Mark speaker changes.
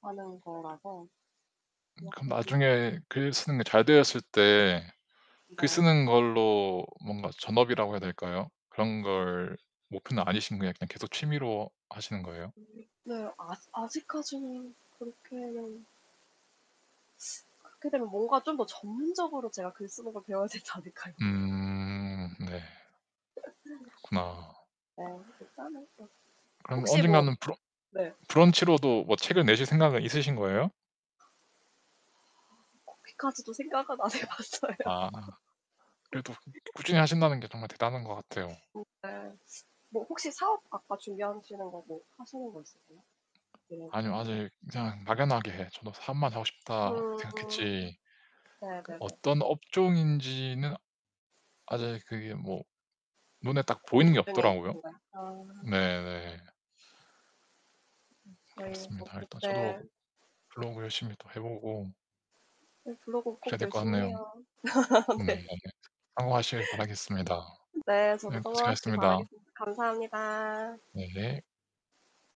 Speaker 1: 하는 거라서
Speaker 2: 음 그럼
Speaker 1: 그렇게 좀.
Speaker 2: 나중에 글 쓰는 게 잘 되었을 때 글
Speaker 1: 네.
Speaker 2: 쓰는 걸로 뭔가 전업이라고 해야 될까요? 그런 걸 목표는 아니시고 그냥 계속 취미로 하시는 거예요?
Speaker 1: 네. 아직 아직까지는 그렇게 그렇게 되면 뭔가 좀 더 전문적으로 제가 글 쓰는 걸 배워야 되지 않을까요?
Speaker 2: 음, 네. 그렇구나.
Speaker 1: 뭐 일단은 뭐
Speaker 2: 그럼
Speaker 1: 혹시 뭐
Speaker 2: 언젠가는 브러
Speaker 1: 네.
Speaker 2: 브런치로도 뭐 책을 내실 생각은 있으신 거예요?
Speaker 1: 거기까지도 생각은 안 해 봤어요.
Speaker 2: 아. 그래도 꾸준히 하신다는 게 정말 대단한 것 같아요.
Speaker 1: 오 네. 뭐 혹시 사업 아까 준비하시는 거 뭐 하시는 거 있으세요? 계획이나.
Speaker 2: 아니요. 아직 그냥 막연하게 예 저도 '사업만 하고 싶다.'
Speaker 1: 음
Speaker 2: 생각했지 그
Speaker 1: 네네네.
Speaker 2: 어떤 업종인지는 아직 그게 뭐 눈에 딱
Speaker 1: 고민
Speaker 2: 보이는 게
Speaker 1: 중에
Speaker 2: 없더라고요.
Speaker 1: 있으신 거예요? 아.
Speaker 2: 네 네.
Speaker 1: 저희 어
Speaker 2: 그렇습니다.
Speaker 1: 그
Speaker 2: 일단 저도
Speaker 1: 네.
Speaker 2: 블로그 열심히 또 해 보고
Speaker 1: 예. 블로그 꼭
Speaker 2: 그래야 될 것
Speaker 1: 열심히
Speaker 2: 같네요.
Speaker 1: 해요. 네.
Speaker 2: 네, 성공하시길 바라겠습니다.
Speaker 1: 네. 저도
Speaker 2: 네,
Speaker 1: 성공하시길
Speaker 2: 고생하셨습니다.
Speaker 1: 바라겠습니다. 감사합니다.
Speaker 2: 네.